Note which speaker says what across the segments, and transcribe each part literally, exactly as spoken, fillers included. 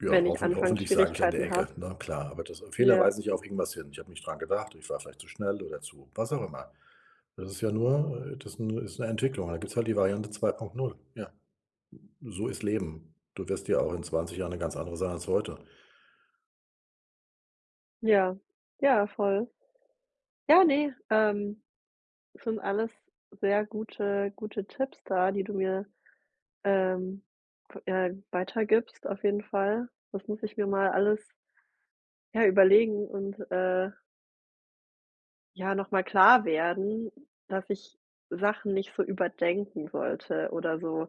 Speaker 1: Ja,
Speaker 2: Wenn ich
Speaker 1: hoffen hoffentlich sage ich an der
Speaker 2: Anfangsschwierigkeiten
Speaker 1: Ecke,
Speaker 2: habe.
Speaker 1: na klar. Aber das Fehler
Speaker 2: Ja.
Speaker 1: weisen mich, ja auf irgendwas hin. Ich habe nicht dran gedacht, ich war vielleicht zu schnell oder zu was auch immer. Das ist ja nur äh, das ist nu ist 'ne Entwicklung. Da gibt's halt die Variante zwei punkt null. Ja, s so ist Leben. Du wirst ja auch in zwanzig Jahren 'ne ganz andere sein als heute.
Speaker 2: Ja, ja voll. Ja, ne, ähm, sind alles sehr gute gute Tipps da, die du mir, ähm, ve ja weitergibst auf jeden Fall. Das muss ich mir mal alles ja überlegen und, äh ja, nochmal klar werden, dass ich Sachen nicht so überdenken sollte oder so.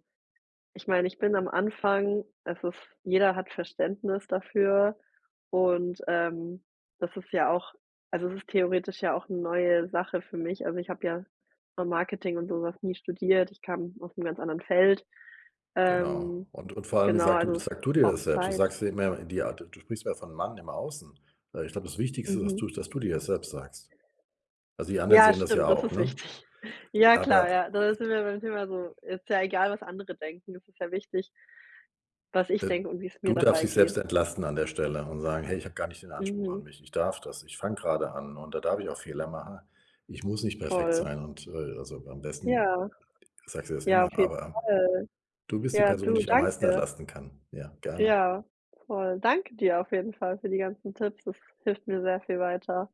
Speaker 2: Ich meine, ich bin am Anfang, es ist jeder hat Verständnis dafür und, ähm, das ist ja auch also, es ist theoretisch ja auch 'ne neue Sache für mich. Also, ich habe ja vom Marketing und sowas nie studiert, ich kam aus 'nem ganz anderen Feld.
Speaker 1: Genau,
Speaker 2: Ähm,
Speaker 1: und und vor allem, wie
Speaker 2: genau,
Speaker 1: sagt du
Speaker 2: also, es
Speaker 1: sag du dir
Speaker 2: braucht
Speaker 1: das selbst? Du
Speaker 2: Zeit.
Speaker 1: sagst ja immer in die Art d du sprichst mehr von man im Außen. Ich glaube, das Wichtigste ist, dass
Speaker 2: Mhm.
Speaker 1: du dass du dir das selbst sagst. Also die anderen
Speaker 2: Ja
Speaker 1: sehen das ja
Speaker 2: stimmt, das
Speaker 1: auch,
Speaker 2: ist
Speaker 1: ne?
Speaker 2: wichtig. Ja klar, ja,
Speaker 1: Aber
Speaker 2: das sind wir beim Thema so, ist ja egal was andere denken, es ist ja wichtig was ich
Speaker 1: Äh,
Speaker 2: denke und wie's mir
Speaker 1: du darfst
Speaker 2: dabei
Speaker 1: dich selbst
Speaker 2: geht.
Speaker 1: entlasten an der Stelle und sagen: „Hey, ich habe gar nicht den Anspruch an
Speaker 2: Mhm.
Speaker 1: mich. Ich darf das. Ich fange grade an und da darf ich auch Fehler machen. Ich muss nicht perfekt
Speaker 2: Voll.
Speaker 1: sein“, und äh, also a am besten
Speaker 2: Ja.
Speaker 1: sagst du dir das
Speaker 2: Ja,
Speaker 1: immer,
Speaker 2: auf jeden
Speaker 1: aber
Speaker 2: Fall.
Speaker 1: du bist die
Speaker 2: Ja,
Speaker 1: Person, die
Speaker 2: du,
Speaker 1: dich am meisten
Speaker 2: danke.
Speaker 1: entlasten kann. Ja, gerne.
Speaker 2: Ja, voll, danke dir auf jeden Fall für die ganzen Tipps, das hilft mir sehr viel weiter.